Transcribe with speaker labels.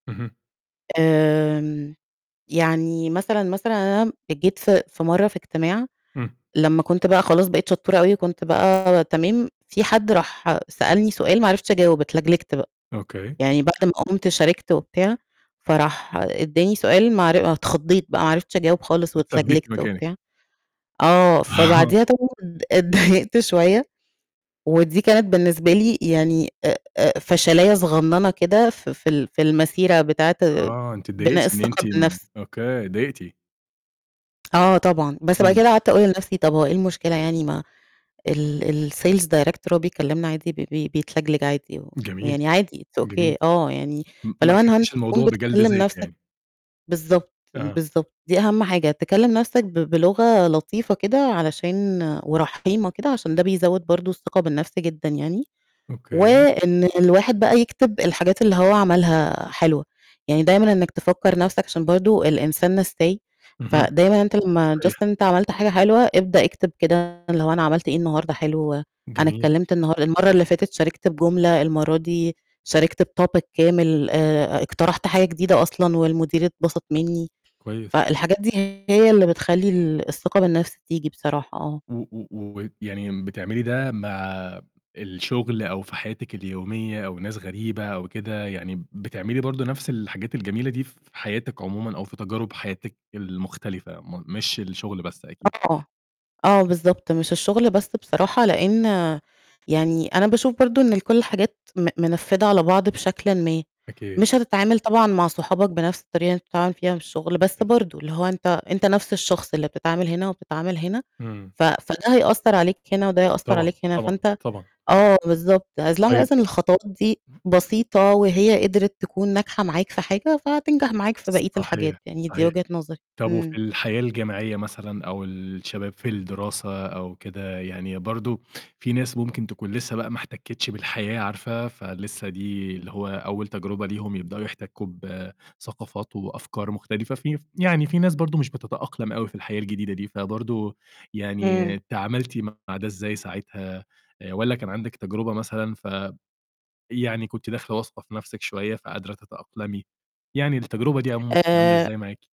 Speaker 1: اهم.
Speaker 2: آمم يعني مثلًا، مثلًا أنا جيت في في مَرّة في اجتماع
Speaker 1: إمم.
Speaker 2: لمّا كنت بقى خلاص بقيت شطّورة أوي كنت بقى تمام، في حد راح سألني سؤال ما عرفتش أجاوب اتلجلجت بقى،
Speaker 1: أوكي.
Speaker 2: يعني بعد ما قمت شاركت وبتاع، فراح إدّاني سؤال معر اتخضّيت بقى ما عرفتش أجاوب خالص
Speaker 1: اتثبّتِ
Speaker 2: واتلجلجت
Speaker 1: مكانِك.
Speaker 2: وبتاع، آه،
Speaker 1: آه.
Speaker 2: فبعديها طبعًا اتضايقت شوية، ودي كانت بالنسبة لي يعني آآ آآ فشلاية صغننة كده في في ال في المسيرة بتاعة
Speaker 1: آه، أنتِ اتضايقتِ
Speaker 2: بناء
Speaker 1: إن
Speaker 2: الثقة
Speaker 1: أنتِ م
Speaker 2: بالنَفْس.
Speaker 1: أوكي، اتضايقتِ.
Speaker 2: آه طبعًا، بس بقى
Speaker 1: إمم.
Speaker 2: كده قعدت أقول لنَفْسي طَب هو إيه المشكلة يعني ما ال الsales director بيكلّمنا عادي ب بب بيتلجلج عادي، و
Speaker 1: جميل،
Speaker 2: يعني عادي It's
Speaker 1: جميل.
Speaker 2: OK آه، يعني
Speaker 1: م ما
Speaker 2: فلو أنا
Speaker 1: أخدتيش
Speaker 2: [unintelligible] تكون
Speaker 1: الموضوع بجلد
Speaker 2: بتكلّم
Speaker 1: ذات
Speaker 2: نَفْسك
Speaker 1: يعني.
Speaker 2: بالضبط،
Speaker 1: أها.
Speaker 2: بالضبط، دي أهَم حاجة تكلّم نَفْسك ب بلغة لطيفة كده علشان ورحيمة كده عشان ده بيزوّد برضه الثقة بالنَفْس جدًا يعني،
Speaker 1: أوكي.
Speaker 2: وإن الواحد بقى يكتب الحاجات اللي هو عملها حلوة، يعني دايمًا إنّك تفكّر نَفْسك عشان برضه الإنسان نسّاي،
Speaker 1: اهم.
Speaker 2: فدايمًا أنت لمّا Just
Speaker 1: صحيح.
Speaker 2: إن أنت عملت حاجة حلوة ابدأ اكتب كده اللي هو أنا عملت إيه النهارده حلو، أنا
Speaker 1: جميل.
Speaker 2: اتكلّمت النهار المَرّة اللي فاتت شاركت بجملة، المرّة دي شاركت بTopic كامل، آآ اقترحت حاجة جديدة أصلًا والمدير اتبسط منّي،
Speaker 1: كويس.
Speaker 2: فالحاجات دي هي اللي بتخلّي ال الثقة بالنَفْس تيجي بصراحة، آه.
Speaker 1: و و و يعني بتعملي ده مع الشُغل أو في حياتِك اليومية أو ناس غريبة أو كده، يعني بتعملي برضه نَفْس الحاجات الجميلة دي في حياتِك عمومًا، أو في تجارب حياتِك المختلفة م مش الشُغل بس أكيد.
Speaker 2: آه، آه بالضبط، مش الشُغل بس بصراحة لإن يعني أنا باشوف برضه إن كلّ الحاجات م منفّدة على بعض بشكلٍ ما،
Speaker 1: أكيد.
Speaker 2: مش هتتعامل طبعًا مع صحابك بنَفْس الطريقة اللي أنت بتتعامل فيها في الشُغل، بس
Speaker 1: أكيد.
Speaker 2: برضه اللي هو أنت أنت نَفْس الشخص اللي بتتعامل هنا وبتتعامل هنا،
Speaker 1: إمم.
Speaker 2: ف فده هيأثّر عليك هنا وده هيأثّر
Speaker 1: طبعًا،
Speaker 2: عليك هنا،
Speaker 1: طبعًا،
Speaker 2: فأنت
Speaker 1: طبعًا.
Speaker 2: آه بالضبط، as long
Speaker 1: طيب
Speaker 2: as إن الخطوات دي بسيطة وهي قدرت تكون ناجحة معاك في حاجة فهتنجح معاك في بقية الحاجات،
Speaker 1: صحيح،
Speaker 2: يعني دي
Speaker 1: صحيح.
Speaker 2: وجهة نظري،
Speaker 1: طَب وفي
Speaker 2: إمم.
Speaker 1: الحياة الجامعية مثلًا أو الشباب في الدراسة أو كده، يعني برضه في ناس ممكن تكون لسّه بقى ما احتكّتش بالحياة عارفة فلسّه دي اللي هو أول تجربة ليهم يبدؤوا يحتكّوا بثقافات وأفكار مختلفة، في ف يعني في ناس برضه مش بتتأقلم أوي في الحياة الجديدة دي، فبرضه
Speaker 2: إمم.
Speaker 1: يعني تعاملتِ مع ده إزاي ساعتها آآ والّا كان عندِك تجربة مثلًا ف يعني كنت داخلة واثقة في نَفْسِك شوية فقادرة تتأقلمي، يعني التجربة دي عمومًا كانت عاملة
Speaker 2: آآ
Speaker 1: إزاي معاكِ؟